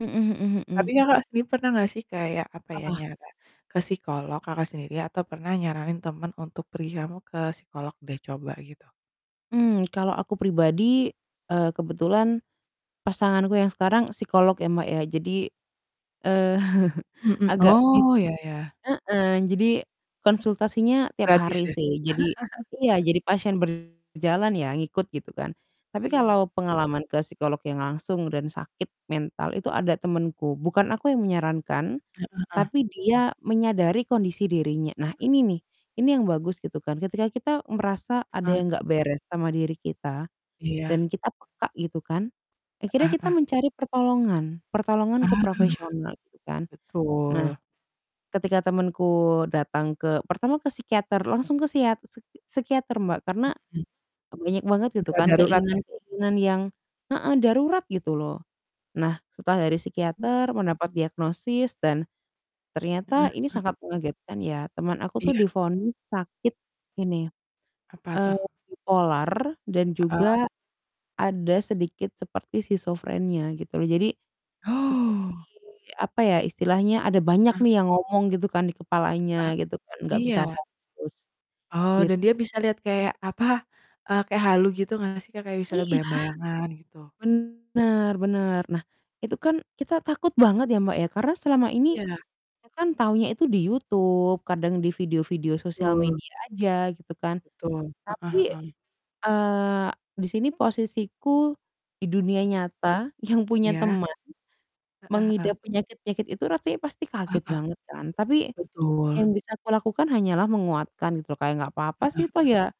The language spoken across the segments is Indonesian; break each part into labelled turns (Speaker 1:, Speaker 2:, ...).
Speaker 1: Mhm mhm mhm.
Speaker 2: Tapi Kakak sendiri pernah nggak sih kayak, apa ya?
Speaker 1: Apa?
Speaker 2: Nyara ke psikolog, Kakak sendiri atau pernah nyaranin temen untuk pergi, "Kamu ke psikolog deh, coba." Gitu?
Speaker 1: Mmm, kalau aku pribadi, eee, kebetulan pasanganku yang sekarang psikolog ya, Mbak, ya. Jadi, eee,
Speaker 2: Mhm.
Speaker 1: agak bi
Speaker 2: Oh, ya, ya.
Speaker 1: heeh. Jadi konsultasinya tiap
Speaker 2: Gratis
Speaker 1: hari
Speaker 2: ya?
Speaker 1: sih. Jadi iya, jadi pasien berjalan ya, ngikut, gitu kan. Tapi
Speaker 2: Iya, e
Speaker 1: kalau pengalaman ke psikolog yang langsung dan sakit mental itu ada temenku. Bukan aku yang menyarankan,
Speaker 2: Heeh, eh
Speaker 1: tapi dia menyadari kondisi dirinya. Nah,
Speaker 2: Heeh.
Speaker 1: ini nih, ini yang bagus, gitu kan. Ketika kita merasa ada
Speaker 2: Heeh.
Speaker 1: yang enggak beres sama diri kita
Speaker 2: Iya.
Speaker 1: dan kita peka gitu kan. Akhirnya
Speaker 2: Heeh
Speaker 1: kita
Speaker 2: heeh.
Speaker 1: mencari pertolongan, pertolongan ke
Speaker 2: Ah,
Speaker 1: profesional, gitu kan. Nah,
Speaker 2: betul.
Speaker 1: ketika temenku datang ke pertama ke psikiater, langsung ke siat seki psikiater, Mbak. Karena
Speaker 2: Mhm.
Speaker 1: m banyak banget, gitu
Speaker 2: Udah
Speaker 1: kan,
Speaker 2: darurat ya?
Speaker 1: keinginan-keinginan yang heeh, darurat, gitu loh. Nah, setelah dari
Speaker 2: Mhm.
Speaker 1: psikiater mendapat diagnosis dan
Speaker 2: Heeh
Speaker 1: ternyata ini
Speaker 2: heeh.
Speaker 1: sangat mengagetkan ya. Teman aku tuh
Speaker 2: Iya.
Speaker 1: divonis sakit ini,
Speaker 2: Apa tuh?
Speaker 1: eee, bipolar dan
Speaker 2: Heeh.
Speaker 1: juga ada sedikit seperti skizofrenia, gitu loh. Jadi, seperti,
Speaker 2: Oh.
Speaker 1: apa ya istilahnya, ada banyak
Speaker 2: Ah
Speaker 1: nih yang ngomong, gitu kan, di
Speaker 2: Heeh,
Speaker 1: kepalanya, gitu kan, enggak bisa
Speaker 2: iya.
Speaker 1: fokus,
Speaker 2: Oh,
Speaker 1: git
Speaker 2: dan dia bisa lihat kayak, apa? Eee, kayak halu gitu nggak sih, Kak, kayak bisa lihat
Speaker 1: Iya.
Speaker 2: bayang-bayangan, gitu?
Speaker 1: Bener bener. Nah, itu kan kita takut banget ya, Mbak, ya. Karena selama ini,
Speaker 2: Iya.
Speaker 1: kita kan taunya itu di YouTube, kadang di video-video sosial
Speaker 2: Betul.
Speaker 1: media aja, gitu kan.
Speaker 2: Betul. Heeh
Speaker 1: Tapi,
Speaker 2: heeh.
Speaker 1: eee, di sini posisiku di dunia
Speaker 2: Mhm.
Speaker 1: nyata yang punya
Speaker 2: Iya.
Speaker 1: teman
Speaker 2: Heeh, heeh.
Speaker 1: mengidap penyakit-penyakit itu rasanya pasti
Speaker 2: Eh, heeh.
Speaker 1: kaget banget kan. Tapi
Speaker 2: Betul.
Speaker 1: yang bisa aku lakukan hanyalah menguatkan, gitu loh. Kayak, "Enggak papa
Speaker 2: Heeh
Speaker 1: sih, toh
Speaker 2: heeh.
Speaker 1: ya,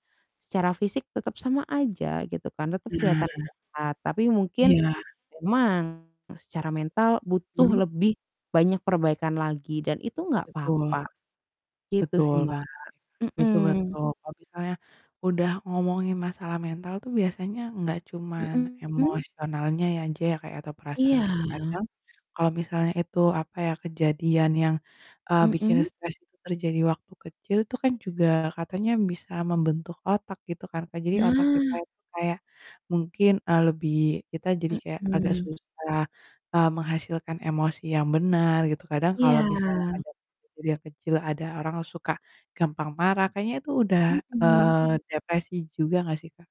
Speaker 1: secara fisik tetap sama aja, gitu kan, tetap kelihatan
Speaker 2: Nah.
Speaker 1: sehat. Tapi mungkin
Speaker 2: Iya.
Speaker 1: memang, eee, secara mental butuh
Speaker 2: Mmm?
Speaker 1: lebih banyak perbaikan lagi dan itu enggak
Speaker 2: Betul.
Speaker 1: papa." Gitu sih,
Speaker 2: Betul
Speaker 1: Mbak.
Speaker 2: banget ya, Kak. Betul,
Speaker 1: Mhm.
Speaker 2: betul. Kalau misalnya udah ngomongin masalah mental tuh biasanya enggak cuman
Speaker 1: Mhm.
Speaker 2: emosionalnya ya aja ya, Kak, atau perasaan
Speaker 1: Iya.
Speaker 2: gitu, kadang kalau misalnya itu, apa ya, kejadian yang, eee, bikin
Speaker 1: Mhm?
Speaker 2: stres itu terjadi waktu kecil tuh kan juga katanya bisa membentuk otak, gitu kan, Kak. Jadi, otak kita,
Speaker 1: Nah.
Speaker 2: itu kayak mungkin, eee, lebih kita jadi kayak agak
Speaker 1: Mhm.
Speaker 2: susah, eee, menghasilkan emosi yang benar, gitu. Kadang kalau misalnya
Speaker 1: Iya.
Speaker 2: ada kejadian kecil ada orang suka gampang marah, kayaknya itu udah,
Speaker 1: Mhm.
Speaker 2: eee, depresi juga nggak sih, Kak?